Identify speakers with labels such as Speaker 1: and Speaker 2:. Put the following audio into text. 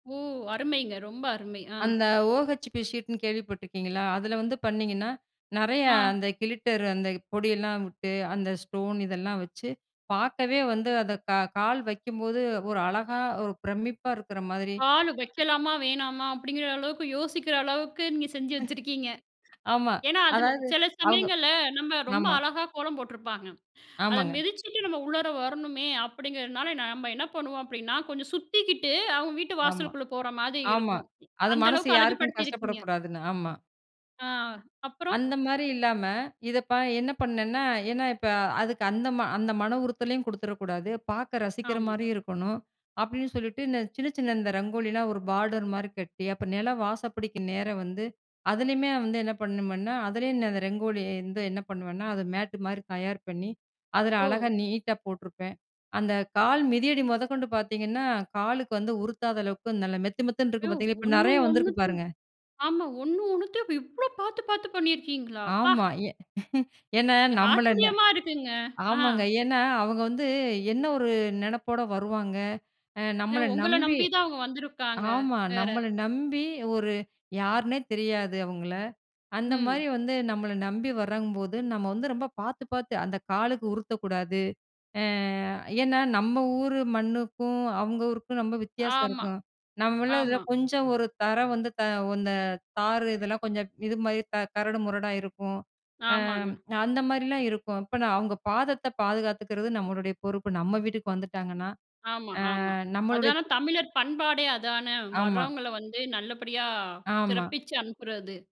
Speaker 1: ஓ! அருமைங்க. ரொம்ப அருமை. ஆ.
Speaker 2: அந்த ஓ ஹெச்பி ஷீட்ன்னு கேள்விப்பட்டுருக்கீங்களா! அதில வந்து பண்ணீங்கன்னா, நிறைய
Speaker 1: ஆ.
Speaker 2: அந்த கிளிட்டர் அந்த பொடியெல்லாம் விட்டு, அந்த ஸ்டோன் இதெல்லாம் வச்சு பார்க்கவே வந்து அத கா கால் வைக்கும்போது, ஒரு அழகா ஒரு பிரமிப்பா இருக்கிற மாதிரி
Speaker 1: கால் வைக்கலாமா? வேணாமா? அப்பிடிங்கிற அளவுக்கு யோசிக்கிற அளவுக்கு நீங்க செஞ்சு வச்சிருக்கீங்க.
Speaker 2: அ ஆமா.
Speaker 1: ஏன்னா, அதில
Speaker 2: அதாவது
Speaker 1: சில
Speaker 2: அவுங்க
Speaker 1: சமயங்கள்ல நம்ம ரொம்ப
Speaker 2: ஆமா.
Speaker 1: அழகா கோலம் போட்டிருப்பாங்க. அத
Speaker 2: ஆமாங்க.
Speaker 1: மிதிச்சிட்டு நம்ம உள்ளர வரணுமே அப்பிடிங்கிறனால நம்ம என்ன பண்ணுவோம் அப்பிடின்னா, கொஞ்சம் சுத்திக்கிட்டு அவுங்க வீட்டு
Speaker 2: ஆமா.
Speaker 1: வாசலுக்குள்ளே போறமாரி
Speaker 2: ஆமா
Speaker 1: இருக்கும்.
Speaker 2: அது
Speaker 1: அந்த
Speaker 2: மனசு
Speaker 1: அளவுக்கு
Speaker 2: யாருக்கும்
Speaker 1: அழகுபடுத்தியிருக்கீங்க!
Speaker 2: கஷ்டப்படக்கூடாதுன்னு, ஆமா.
Speaker 1: ஆ, அப்புறம்
Speaker 2: அந்தமாரி இல்லாம இத ப என்ன பண்ணேன்னா, ஏன்னா இப்ப அதுக்கு அந்த அந்த ம மன உறுத்தலையும் கொடுத்துற கூடாது, பார்க்க ரசிக்கிற
Speaker 1: ஆமா.
Speaker 2: மாரியும் இருக்கணும். அப்பிடின்னு சொல்லிட்டு, இந்த சின்ன, சின்ன இந்த ரங்கோலிலாம் ஒரு பார்டர்மாரி கட்டி, அப்ப நிலம் வாசல் பிடிக்கி நேர வந்து அதிலேயுமே வந்து என்ன பண்ணுமேன்னா, அதுலேயும் நான் அந்த ரங்கோலி வந்து என்ன பண்ணுவேன்னா, அத மேட்டு மாரி தயார் பண்ணி அதில அழகா
Speaker 1: ஓ!
Speaker 2: நீட்டா போட்டிருப்பேன். அந்த கால் மிதியடி முதக்கொண்டு பார்த்தீங்கன்னா, காலுக்கு வந்து உருத்தாத அளவுக்கு நல்ல மெத்து மெத்துன்னு இருக்கு
Speaker 1: யோவ்.
Speaker 2: பார்த்தீங்களா! இப்ப
Speaker 1: ஒண்ணு
Speaker 2: நிறையா வந்திருக்கு
Speaker 1: ஒன்னத்தையும்,
Speaker 2: பாருங்க!
Speaker 1: ஆமா ஒண்ணு ஒன்னத்தையும் இவ் இவ்ளோ பார்த்து, பார்த்து பண்ணியிருக்கீங்களா, அப்பா!
Speaker 2: ஆமா ஏ ஏன்னா
Speaker 1: எ
Speaker 2: நம்மள ந
Speaker 1: ஆச்சரியமா இருக்குங்க. ஆ.
Speaker 2: ஆமாங்க. ஏன்னா அவுங்க வந்து என்ன ஒரு நினைப்போட வருவாங்க. அ
Speaker 1: இல்ல,
Speaker 2: நம்மள
Speaker 1: உங்கள
Speaker 2: நம்பி
Speaker 1: நம்பி தான் அவுங்க வந்திருக்காங்க,
Speaker 2: ஆமா
Speaker 1: வேற.
Speaker 2: நம்மள நம்பி ஒரு யாருன்னே தெரியாது அவுங்கள. அந்தமாரி
Speaker 1: ம்.
Speaker 2: வந்து நம்மள நம்பி வர்றங்கபோது, நம்ம வந்து ரொம்ப பார்த்து, பார்த்து அந்த காலுக்கு உருத்தக்கூடாது, ஏ ஏன்னா, நம்ம ஊர் மண்ணுக்கும், அவுங்க ஊருக்கும் ரொம்ப வித்தியாசம்
Speaker 1: ஆமா,
Speaker 2: இருக்கும். நம்மமேள இதில
Speaker 1: ஆமா.
Speaker 2: கொஞ்சம் ஒரு தரம் வந்து த அந்த தாறு இதெல்லாம் கொஞ்சம் இதுமாரி க கரடு முரடா இருக்கும்.
Speaker 1: ஆமாங்க.
Speaker 2: ஆம், அந்த மாரிலாம் இருக்கும். இப்ப நான் அவுங்க பாதத்த பாதுகாத்துக்கிறது நம்மளுடைய பொறுப்பு. நம்ம வீட்டுக்கு வந்துட்டாங்கன்னா!
Speaker 1: ஆமா,
Speaker 2: ஆ.
Speaker 1: ஆமா.
Speaker 2: நம்மளுடைய
Speaker 1: அதானே தமிழர் பண்பாடே அதானே!
Speaker 2: ஆமா.
Speaker 1: வர்றவங்கள வந்து நல்லபடியா
Speaker 2: ஆமா.
Speaker 1: சிறப்பிச்சு அனுப்புறது.